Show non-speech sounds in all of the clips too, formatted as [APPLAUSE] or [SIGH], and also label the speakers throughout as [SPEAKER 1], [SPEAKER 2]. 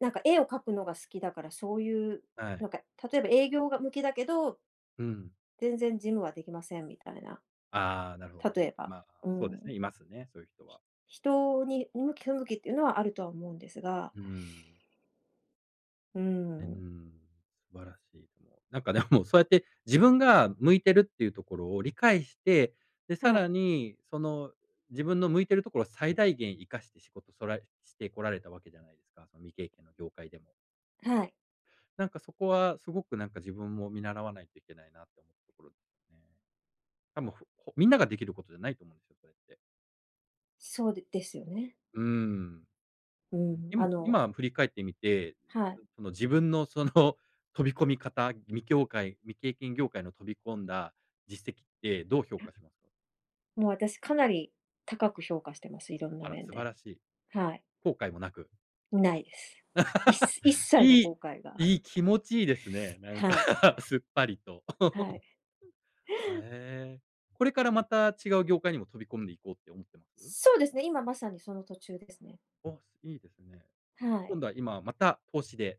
[SPEAKER 1] なんか絵を描くのが好きだから、そういう、
[SPEAKER 2] はい。
[SPEAKER 1] なんか、例えば営業が向きだけど
[SPEAKER 2] うん。
[SPEAKER 1] 全然事務はできませんみたいな、
[SPEAKER 2] ああ、なるほど
[SPEAKER 1] 例
[SPEAKER 2] ね。
[SPEAKER 1] えば。
[SPEAKER 2] ま、
[SPEAKER 1] う
[SPEAKER 2] そうで
[SPEAKER 1] ん。
[SPEAKER 2] すね、いますね、そういう人は。
[SPEAKER 1] ひ人に、向き不向きっていうのはあるとは思うんですが
[SPEAKER 2] うん。
[SPEAKER 1] う
[SPEAKER 2] う
[SPEAKER 1] ん。
[SPEAKER 2] ん、素晴らしいと思う。なんかでも、そうやって自分が向いてるっていうところを理解して、で、さ
[SPEAKER 1] はい。
[SPEAKER 2] らに、その自分の向いてるところを最大限活かして仕事トライしてこられたわけじゃないですか、その未経験の業界でも。
[SPEAKER 1] はい。
[SPEAKER 2] なんかそこは、すごくなんか自分も見習わないといけないなって思ったところね。たもふほみんなができることじゃないと思うんですよ、それって。
[SPEAKER 1] そうでですよね。
[SPEAKER 2] うん。
[SPEAKER 1] う
[SPEAKER 2] うん、
[SPEAKER 1] ん、
[SPEAKER 2] い
[SPEAKER 1] あ
[SPEAKER 2] む
[SPEAKER 1] の
[SPEAKER 2] 今振り返ってみて、
[SPEAKER 1] はい。
[SPEAKER 2] その自分のその飛び込み方、未きょうかい未経験業界の飛び込んだ実績ってどう評価しますか？
[SPEAKER 1] もう私かなり高く評価してます、いろんな
[SPEAKER 2] あら、
[SPEAKER 1] 面
[SPEAKER 2] 素晴
[SPEAKER 1] で、
[SPEAKER 2] らしい。
[SPEAKER 1] はい。
[SPEAKER 2] 後悔もなく？
[SPEAKER 1] ないです。いす一
[SPEAKER 2] [LAUGHS]
[SPEAKER 1] 切の
[SPEAKER 2] いい
[SPEAKER 1] 後悔が。
[SPEAKER 2] いい
[SPEAKER 1] [LAUGHS]
[SPEAKER 2] 気持ちいいですね、なんか、
[SPEAKER 1] はい。
[SPEAKER 2] [LAUGHS] すっぱりと。
[SPEAKER 1] はい。
[SPEAKER 2] [LAUGHS] うん。は、ええ、これからまた違う業界にも飛び込んでいこうって思ってます？
[SPEAKER 1] そうですね、今まさにその途中ですね。
[SPEAKER 2] お、いいですね。
[SPEAKER 1] はい。
[SPEAKER 2] 今度は今また投資で？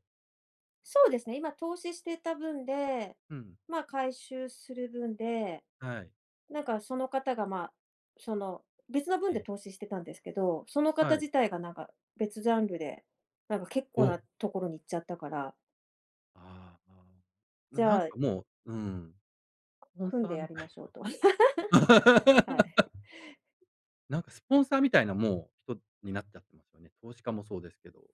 [SPEAKER 1] そうですね、今投資してた分で、
[SPEAKER 2] うん。
[SPEAKER 1] ま、回収する分で、
[SPEAKER 2] はい。
[SPEAKER 1] なんかその方がまあ、その、別の分
[SPEAKER 2] え
[SPEAKER 1] で
[SPEAKER 2] え。
[SPEAKER 1] 投資してたんですけど、その方
[SPEAKER 2] はい。
[SPEAKER 1] 自体がなんか別ジャンルで、なんか結構
[SPEAKER 2] お！
[SPEAKER 1] なところに行っちゃったから。
[SPEAKER 2] ああああ。な
[SPEAKER 1] じ
[SPEAKER 2] なん
[SPEAKER 1] ゃあ
[SPEAKER 2] かもううん。ポン
[SPEAKER 1] 組ん
[SPEAKER 2] サ
[SPEAKER 1] で
[SPEAKER 2] ー
[SPEAKER 1] や
[SPEAKER 2] み
[SPEAKER 1] り
[SPEAKER 2] たい
[SPEAKER 1] ましょうと。
[SPEAKER 2] な。
[SPEAKER 1] [LAUGHS] はい。
[SPEAKER 2] [LAUGHS] なんかスポンサーみたいな、もう人になっちゃってますよね。投資家もそうですけど。